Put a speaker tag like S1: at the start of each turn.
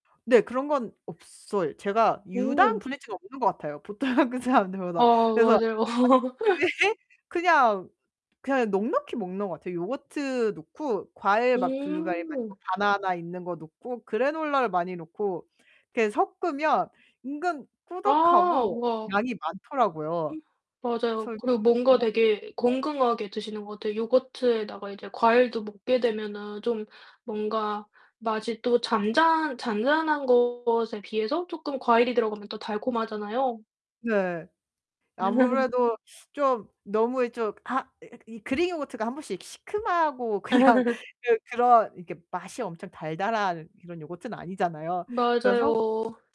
S1: 네 그런 건 없어요. 제가 유당
S2: 오.
S1: 불내증은 없는 것 같아요, 보통 한국 사람들보다.
S2: 어
S1: 그래서
S2: 맞아요.
S1: [unintelligible] 그냥 그냥 넉넉히 먹는 것 같아요. 요거트 넣고 과일 막 블루베리나
S2: 음.
S1: 뭐 바나나 있는 거 넣고 그래놀라를 많이 넣고 이렇게 섞으면 은근
S2: 아
S1: 꾸덕하고
S2: 우와.
S1: 양이 많더라고요.
S2: 맞아요.
S1: 그래서
S2: 그리고 뭔가
S1: 뭐
S2: 되게
S1: [unintelligible]
S2: 건강하게 드시는 것 같아요. 요거트에다가 이제 과일도 먹게 되면은 좀 뭔가 맛이 또 잔잔 잔잔한 것에 비해서 쪼끔 과일이 들어가면 또 달콤하잖아요.
S1: 네. 아무래도 좀 너무 예 좀 아 으 이 그릭 요거트가 1 번씩 시큼하고 그냥 그 그런 이렇게 맛이 엄청 달달한 그런 요거트는 아니잖아요. 그래서
S2: 맞아요.